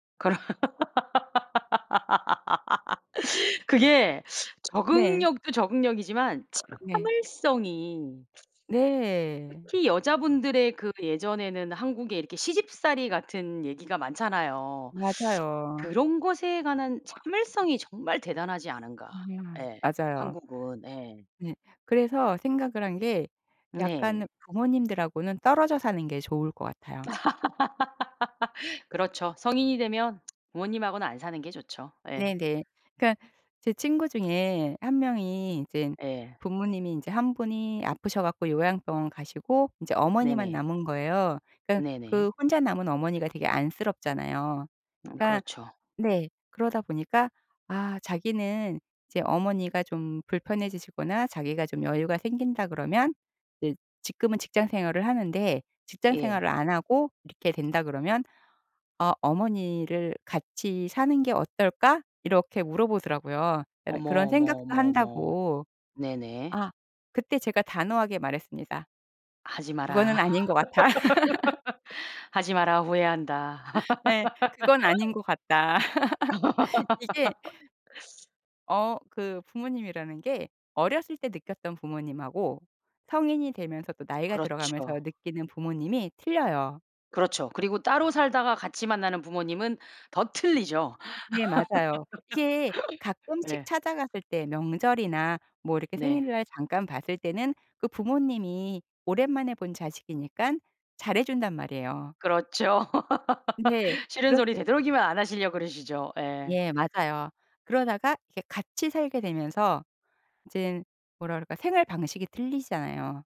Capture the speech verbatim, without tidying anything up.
그럼 그게 네. 적응력도 적응력이지만 네. 참을성이 네. 특히 여자분들의 그 예전에는 한국에 이렇게 시집살이 같은 얘기가 많잖아요. 맞아요. 그런 것에 관한 참을성이 정말 대단하지 않은가. 아. 예 맞아요. 한국은 예. 네. 그래서 생각을 한 게 네. 약간 부모님들하고는 떨어져 사는 게 좋을 것 같아요. 그렇죠. 성인이 되면 부모님하고는 안 사는 게 좋죠. 예. 네네. 그러니까는 제 친구 중에 한 명이 이젠 예. 부모님이 인제 한 분이 아프셔 갖고 요양병원 가시고 인제 어머니만 네네. 남은 거예요. 그러니깐 네네. 그 혼자 남은 어머니가 되게 안쓰럽잖아요. 음 그러니까 그렇죠. 네. 그러다 보니까 아 자기는 이제 어머니가 좀 불편해지시거나 자기가 좀 여유가 생긴다 그러면 이제 지금은 직장생활을 하는데 예. 직장생활을 안 하고 이렇게 된다 그러면 "아 어머니를 같이 사는 게 어떨까?" 이렇게 물어보더라고요. 그러니까는 어머, 그런 어머, 생각도 어머, 어머. 한다고. 네네. 아 그때 제가 단호하게 말했습니다. 하지 "그거는 마라. 아닌 것 같아." 하지 마라. 후회한다. 예. "그건 아닌 것 같다." 이게 어. 그 부모님이라는 게 어렸을 때 느꼈던 부모님하고 성인이 되면서 또 나이가 들어가면서 그렇죠. 느끼는 부모님이 틀려요. 그렇죠. 그리고 따로 살다가 같이 만나는 부모님은 더 틀리죠. 네. 맞아요. 이게 가끔씩 예. 찾아갔을 때 명절이나 뭐 이렇게 네. 생일날 잠깐 봤을 때는 그 부모님이 오랜만에 본 자식이니깐 잘해 준단 말이에요. 그렇죠. 근데 싫은 소리 그렇지 되도록이면 안 하시려 그러시죠. 예. 예. 맞아요 그러다가 이게 같이 살게 되면서 이젠 뭐라 그럴까 생활 방식이 틀리잖아요.